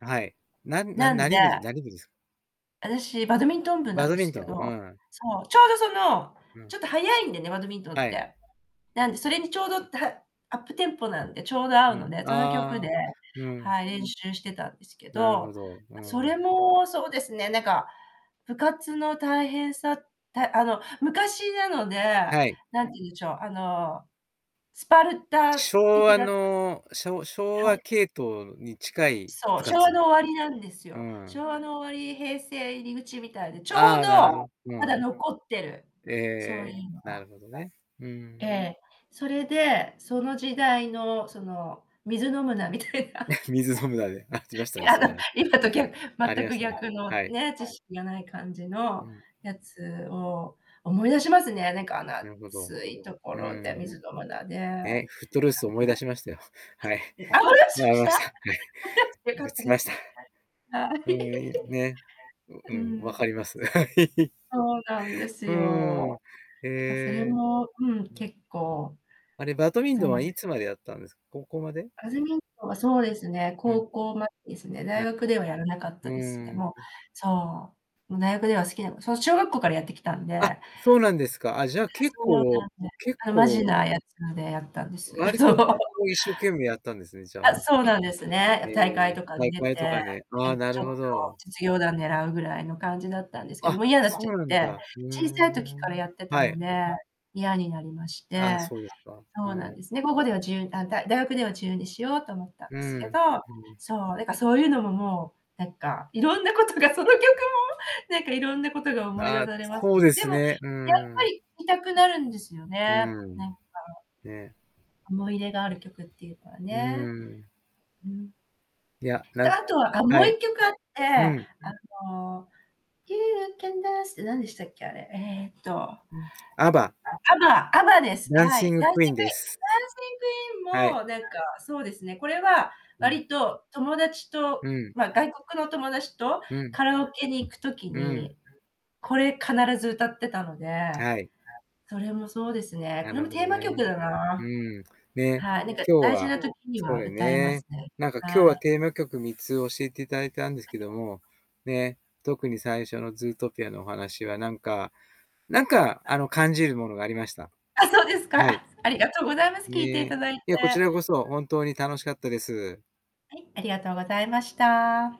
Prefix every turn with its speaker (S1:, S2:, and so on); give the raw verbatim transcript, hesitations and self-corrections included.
S1: はい、なんな
S2: なん
S1: な何部じ
S2: で
S1: 何部じす。
S2: 私バドミントン部な
S1: バ
S2: ん
S1: ド
S2: で
S1: ミン
S2: すけ
S1: トン、う
S2: ど、
S1: ん。
S2: そう、ちょうど、その、
S1: うん。
S2: ちょっとはやいんでね、バドミントン
S1: は
S2: っ
S1: い。
S2: て。なんでそれにちょうどだアップテンポなんで、ちょうど合う
S1: う
S2: の
S1: ん。
S2: で、その曲で、
S1: ああ、うーん。
S2: はい、練習してたんですけ
S1: なるほ
S2: ど、
S1: ど、うー
S2: そ
S1: ん。
S2: れもそうですね、なんか、部活の大変さ、たあの昔なので、
S1: はい。
S2: 何て言うんでしょう、あのスパルタ
S1: 昭
S2: 的
S1: 和
S2: な
S1: の、昭昭
S2: は
S1: 和
S2: い。
S1: 系統に近い
S2: そ
S1: 部
S2: う、昭和
S1: 活。
S2: の終わりなんです
S1: うー
S2: よ。昭
S1: ん。
S2: 和の終わり、平成入り口みたいで、ちょう
S1: ああ、なるほ
S2: ど
S1: ど。う
S2: ま
S1: ー
S2: だ
S1: ん。
S2: 残ってる。
S1: え
S2: そうい
S1: え、
S2: うの
S1: な
S2: が。
S1: るほどね、う
S2: え
S1: ん。
S2: え、それで、その時代の、その、水飲むなみたいな。
S1: 水飲むなで、あ、じまし たね、
S2: や
S1: そうな
S2: だ、
S1: の。
S2: 今とぎゃ
S1: あり
S2: 全
S1: ま
S2: く
S1: したね、
S2: 逆の
S1: はい。
S2: ね、知識がない感じ
S1: う
S2: の
S1: ん。
S2: やつを思い出しますね。なんか、あの、
S1: なるほど。
S2: 暑いとこ
S1: う
S2: ろで
S1: ん。
S2: 水飲むなで。あ、
S1: ね、フットルースを思い出しましたよ。はい。
S2: 思い出
S1: [unintelligible]
S2: しまし
S1: ま
S2: た？
S1: した、は
S2: あ、
S1: い。
S2: よよか
S1: ぶ
S2: っ
S1: つ
S2: た
S1: き
S2: で
S1: ま
S2: す。
S1: した。
S2: はい。
S1: うん、ね、う
S2: う
S1: ん、分か
S2: ん。
S1: ります。はい。
S2: そうなんです
S1: うーん、
S2: よ。
S1: へ
S2: なんか、それ
S1: え。
S2: も、うん、
S1: うん。
S2: 結構
S1: あれ、バドミン
S2: そ
S1: トンは
S2: うで
S1: い
S2: す。
S1: つまでやったんですか？高校まで？
S2: バドミントンはそうですね、
S1: うん。
S2: 高校までですね、大
S1: な。
S2: 学ではやらなかっ
S1: うー
S2: たですね。
S1: ん。
S2: もう、
S1: う。
S2: そう、もう大学では好きなこそう、小学校からやってきたんでえ
S1: あ、
S2: え、
S1: そうなんですか。あ、じゃあ結
S2: そうなんで
S1: 構、
S2: す。
S1: 結
S2: あの、まじ
S1: 構
S2: なやつでやったんです。
S1: 割
S2: そ
S1: と
S2: う。
S1: こう、一生懸命やったんですね、じゃあ
S2: あ、
S1: ね。
S2: そうなんです
S1: え
S2: ね。
S1: え、
S2: 大会とかに
S1: 大
S2: 出
S1: 会と
S2: て、
S1: かね、あ
S2: な
S1: あ、
S2: んか、
S1: なる
S2: ちょっ
S1: ほ
S2: と
S1: ど。
S2: 実業団狙うぐらいの感じだったんですけど、
S1: あ、
S2: もう嫌なっちゃ
S1: そう
S2: っ
S1: なん
S2: て、
S1: だ。ふー
S2: 小さい時から
S1: ん。
S2: やってた
S1: は
S2: の
S1: い。
S2: で、嫌になりまし
S1: ああ、
S2: て、
S1: そうですか、う
S2: そうな
S1: ー
S2: んで
S1: ん。
S2: すね。高校では自由あ、だ大学では自由にしようと思ったん
S1: う
S2: ですけど。
S1: ん。うん。
S2: そう、だからそういうのも、もう、なんか、色んなことがその曲もなんか、色んなことが思い出
S1: あ、
S2: されます。
S1: そうで
S2: で
S1: す
S2: もやっ
S1: ね。うー
S2: ぱ
S1: ん。
S2: り見たくなるんですよ
S1: う
S2: ね、
S1: ー
S2: な
S1: ん。
S2: んか。
S1: ね。
S2: 思い入れがある曲っていうか
S1: うー
S2: ね。
S1: ん。
S2: うん。
S1: いや、な
S2: で、
S1: ん
S2: あとは、あ、も
S1: は
S2: うい
S1: い。
S2: っきょくあって、
S1: う
S2: あ
S1: ん。
S2: の、You can dance って何でしたっけ、あれ。えっと、あ、
S1: うん。AVA。
S2: AVA AVA です。はい。
S1: Dancing
S2: Dancing Queen、Dancing
S1: Queen です。はい。
S2: Queen も、なんか、そうですね、これは
S1: うん。
S2: 割と友達
S1: う
S2: と、
S1: ん。
S2: まあ、外国の友達と
S1: うん。
S2: カラオケに行く時
S1: うん。
S2: に、これ必ず歌ってたので、
S1: はい。
S2: それもそうですね、
S1: な
S2: これ
S1: る
S2: も
S1: ほ
S2: テー
S1: ど
S2: マ曲
S1: ね。
S2: だ
S1: う
S2: な。
S1: ん、ね、
S2: はい、なんか、
S1: 今日
S2: 大事
S1: は
S2: な時に
S1: そう
S2: は
S1: だ
S2: 歌いま
S1: ね。
S2: すね。
S1: なんか、今日
S2: は
S1: は
S2: い。
S1: テーマ曲みっつ教えて頂いたんです
S2: あ
S1: けど
S2: と
S1: も、ね、特に最初のズートピアのお話は、なんかなんか、あ
S2: [unintelligible]
S1: の、感じるものがありました。
S2: あ、そうですか。
S1: はい。
S2: あ、ありがとうございます。聴いていた
S1: ね、
S2: だいて。
S1: いや、こちらこそ、本当に楽しかったです。
S2: はい、ありがとうございました。